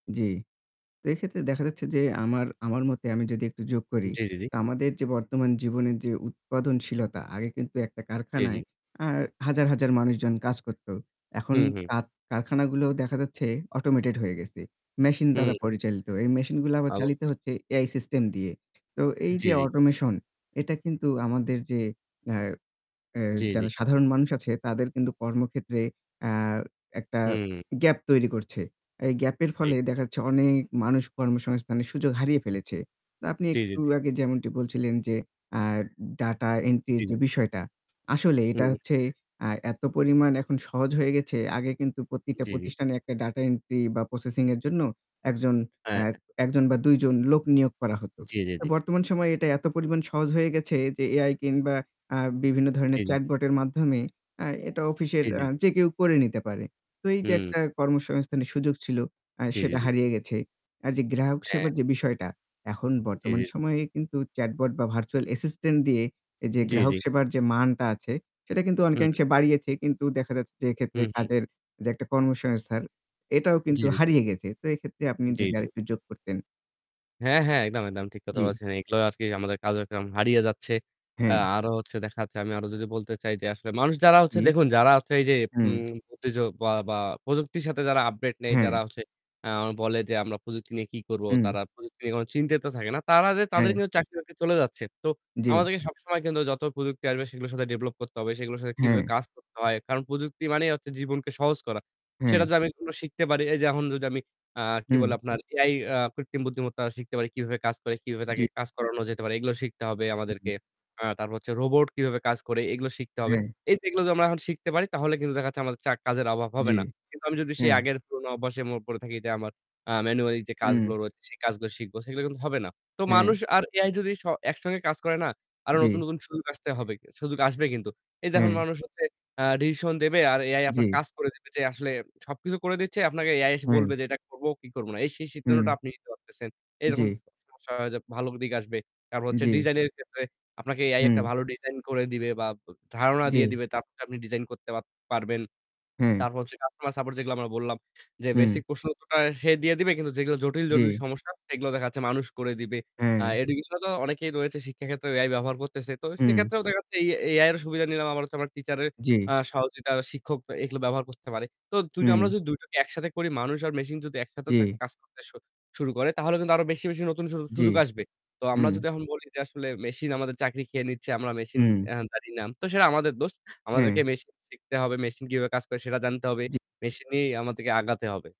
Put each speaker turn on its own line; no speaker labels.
জ্বি। তো এক্ষেত্রে দেখা যাচ্ছে যে আমার আমার মতে আমি যদি একটু যোগ করি
জ্বী, জী, জী।
তো আমাদের যে বর্তমান জীবনের যে উৎপাদনশীলতা আগে কিন্তু একটা
জ্বী,
কারখানায়
জ্বী।
আ হাজার, হাজার, মানুষজন কাজ করতো। এখন
হু, হু।
কা কারখানাগুলো দেখা যাচ্ছে অটোমেটেড হয়ে গেছে। মেশিন
হু,
দ্বারা পরিচালিত। এই মেশিনগুলো আবার চালিত
অবশ্যই।
হচ্ছে AI সিস্টেম দিয়ে। তো এই
জ্বী,
যে
জ্বী।
অটোমেশন এটা কিন্তু আমাদের যে এ এ্যা
জ্বী, জ্বী।
যারা সাধারণ মানুষ আছে তাদের কিন্তু কর্মক্ষেত্রে এ্যা একটা
হুম।
গ্যাপ তৈরি করছে। এই গ্যাপ এর
জি।
ফলে দেখা যাচ্ছে অনেক মানুষ কর্মসংস্থানের সুযোগ হারিয়ে ফেলেছে। তো আপনি
জ্বী, জী,
একটু
জী।
আগে যেমনটি বলছিলেন যে আ ডাটা এন্ট্রির
জ্বী।
যে বিষয়টা আসলে এটা
হুম।
হচ্ছে আ এত পরিমাণ এখন সহজ হয়ে গেছে আগে কিন্তু প্রতিটা
জ্বি, জ্বি।
প্রতিষ্ঠানে একটা ডাটা এন্ট্রি বা প্রসেসিং এর জন্য একজন
হ্যাঁ,
এ্যা
হ্যাঁ।
১ জন বা ২ জন লোক নিয়োগ করা হতো।
জি, জি, জি।
বর্তমান সময়ে এটা এত পরিমাণ সহজ হয়ে গেছে যে Ai কিংবা আ বিভিন্ন
জি, জি,
ধরণের
জি।
চ্যাটবটের মাধ্যমে এ্যা এটা অফিসের
জ্বী, জ্বী,
এ্যা
জ্বী।
যে কেউ করে নিতে পারে। তো এই যে
হুম।
একটা কর্মসংস্থানের সুযোগ ছিল আ
জ্বি, জি,
সেটা
জি।
হারিয়ে গেছে। আর যে গ্রাহক সেবার
হ্যাঁ।
যে বিষয়টা এখন
জ্বী, জ্বী,
বর্তমান
জ্বী।
সময়ে কিন্তু চ্যাটবট বা ভার্চুয়াল অ্যাসিস্টেন্ট দিয়ে এ যে
জ্বী,
গ্রাহক
জ্বী।
সেবার যে মানটা আছে সেটা কিন্তু
হুম।
অনেকাংশে বাড়িয়েছে। কিন্তু দেখা যাচ্ছে যে,
হু,
এক্ষেত্রে
হু।
কাজের একটা কর্মসংস্থান এটাও
জ্বী,
কিন্তু
জ্বী, জ্বী।
হারিয়ে গেছে। তো এক্ষেত্রে আপনি
জ্বী,
যদি
জ্বী।
আরেকটু যোগ করতেন।
হ্যাঁ, হ্যাঁ, একদম, একদম ঠিক কথা
জ্বি।
বলেছেন। এগুলো আরকি আমাদের কার্যক্রম হারিয়ে যাচ্ছে। এ্যা
হ্যাঁ।
আরো হচ্ছে দেখা যাচ্ছে, আমি আরো যদি বলতে চাই যে আসলে মানুষ যারা হচ্ছে
হুম।
দেখুন যারা হচ্ছে এই যে
হুম।
উম [unintelligible] বা বা প্রযুক্তির সাথে যারা আপডেট নেই যারা
হ্যাঁ।
হচ্ছে আ বলে যে আমরা প্রযুক্তি নিয়ে কি করবো,
হুম।
তারা প্রযুক্তি নিয়ে কোন চিন্তিত থাকে না। তারা যে তাদের
হ্যাঁ।
কিন্তু চাকরি বাকরি চলে যাচ্ছে। তো
জ্বী।
আমাদেরকে সবসময় কিন্তু যত প্রযুক্তি আসবে সেগুলোর সাথে ডেভেলপ করতে হবে। সেগুলোর সাথে কিভাবে
হ্যাঁ।
কাজ করতে হয়। কারণ প্রযুক্তি মানেই হচ্ছে জীবনকে সহজ করা। সেটা
হ্যাঁ।
যদি আমি কোন শিখতে পারি। এই যে এখন যদি আমি আ কি বলে
হু।
আপনার AI আ কৃত্রিম বুদ্ধিমত্তা শিখতে পারি কিভাবে কাজ করে, কিভাবে তাকে
জ্বী।
কাজ করানো যেতে পারে। এগুলো শিখতে হবে
হু,
আমাদেরকে।
হুম।
আ তারপর হচ্ছে রোবট কিভাবে কাজ করে এগুলো শিখতে হবে।
হ্যাঁ।
এই এইগুলো যদি আমরা শিখতে পারি তাহলে কিন্তু দেখা যাচ্ছে আমাদের চা কাজের অভাব হবে
জ্বী,
না। কিন্তু আমি যদি সেই
হ্যাঁ।
আগের পুরোনো অভ্যাসে মো পড়ে থাকি যে আমার আ ম্যানুয়ালি যে
হুম।
কাজগুলো রয়েছে সে কাজগুলো শিখব। সেগুলো কিন্তু হবে না। তো
হ্যাঁ।
মানুষ আর AI যদি স একসঙ্গে কাজ করেনা, আরো নতুন,
জ্বী।
নতুন, সুযোগ আসতে হবে। সুযোগ আসবে কিন্তু। এই দেখুন
হ্যা।
মানুষ হচ্ছে আ ডিসিশন দেবে আর AI আপনার
জ্বী।
কাজ করে দেবে যে আসলে সবকিছু করে দিচ্ছে আপনাকে AI এসে
হুম।
বলবে যে এটা করবো কি করবো না? এই সেই সিদ্ধান্তটা
হুম।
আপনি নিতে পারতেছেন। এইরকম
জ্বী।
[unintelligible] সমস্যা হয় যে ভালো দিকে আসবে। তারপর হচ্ছে
জ্বি।
ডিজাইন এর ক্ষেত্রে আপনাকে AI একটা
হুম।
ভালো ডিজাইন করে দিবে বা ব ধারণা দিয়ে
জি।
দিবে। তারপর আপনি ডিজাইন করতে পাত পারবেন।
হ্যা।
তারপর হচ্ছে কাস্টমার সাপোর্ট যেগুলো আমরা বললাম যে বেসিক
হু।
প্রশ্ন উত্তরটা সে দিয়ে দিবে কিন্তু যেগুলো জটিল-জটিল
জি।
সমস্যা সেগুলো দেখা যাচ্ছে মানুষ করে দিবে। আ
হ্যাঁ।
এডুকেশন এ তো অনেকেই রয়েছে শিক্ষার ক্ষেত্রে AI ব্যবহার করতেছে। তো
হুম।
সেক্ষেত্রেও দেখা যাচ্ছে এ এই AI এর সুবিধা নিলাম। আবার হচ্ছে আমার টিচারের
জ্বী।
আ সহযোগিতা শিক্ষক এ এগুলো ব্যবহার করতে পারে। তো ২ টা আমরা
হুম।
যদি ২ টোকে একসাথে করি মানুষ আর মেশিন যদি একসাথে থে
জি।
কাজ করতে শু শুরু করে তাহলে কিন্তু আরো বেশি, বেশি, নতুন সু
জ্বি,
সুযোগ আসবে। তো আমরা
হুঁ।
যদি এখন বলি যে আসলে মেশিন আমাদের চাকরি খেয়ে নিচ্ছে, আমরা মেশিন
হুম।
এহ জানি না। তো সেটা আমাদের দোষ।
হ্যা।
আমাদেরকে মেশিন শিখতে হবে, মেশিন কিভাবে কাজ করে সেটা জানতে হবে।
জ্বী।
মেশিনই আমাদেরকে আগাতে হবে।